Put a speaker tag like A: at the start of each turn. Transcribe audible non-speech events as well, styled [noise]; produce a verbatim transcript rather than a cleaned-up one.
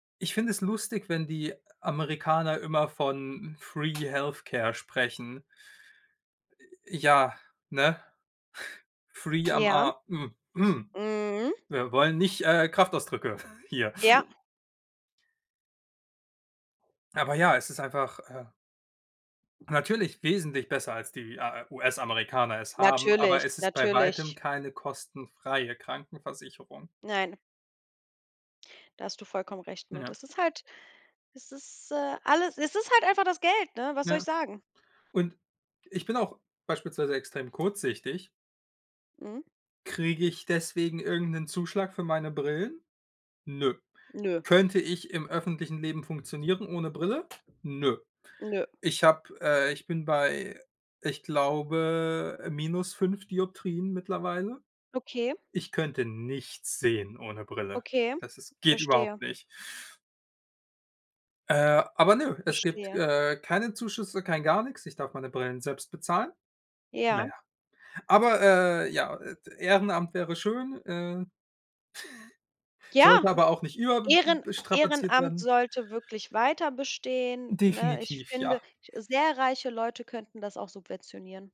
A: Ich finde es lustig, wenn die Amerikaner immer von Free Health Care sprechen. Äh, äh, ja, ne? [chuckles] Free am
B: Ja.
A: a m m
B: Mhm.
A: wir wollen nicht, äh, Kraftausdrücke [chuckles] hier.
B: Ja.
A: Aber ja, es ist einfach, äh natürlich wesentlich besser, als die, äh, US-Amerikaner es haben, aber
B: Natürlich,
A: es ist bei Weitem
B: natürlich.
A: keine kostenfreie Krankenversicherung.
B: Nein. Da hast du vollkommen recht mit.
A: Ja.
B: Es ist halt es ist, äh, alles es ist halt einfach das Geld, ne? Was soll
A: Ja.
B: ich sagen?
A: Und ich bin auch beispielsweise extrem kurzsichtig.
B: Mhm.
A: Kriege ich deswegen irgend 'nen Zuschlag für meine Brillen? Nö.
B: Nö.
A: Könnte ich im öffentlichen Leben funktionieren ohne Brille? Nö.
B: Nö.
A: Ich habe äh, ich bin bei, ich glaube, minus fünf Dioptrien mittlerweile.
B: Okay.
A: Ich könnte nichts sehen ohne Brille.
B: Okay.
A: Das ist geht überhaupt
B: Verstehe.
A: nicht. Äh, aber nö, es gibt,
B: Verstehe.
A: äh, keine Zuschüsse, kein gar nix. Ich darf meine Brillen selbst bezahlen. Na
B: Ja.
A: ja. Aber, äh, ja, et Ehrenamt wäre schön, äh, [snorts]
B: Ja,
A: sollte aber auch nicht über b b
B: Ehren
A: be strapaziert
B: Ehrenamt
A: werden.
B: sollte wirklich weiterbestehen, ne? Ich
A: Definitiv,
B: finde,
A: ja.
B: ich sehr reiche Leute könnten das auch subventionieren.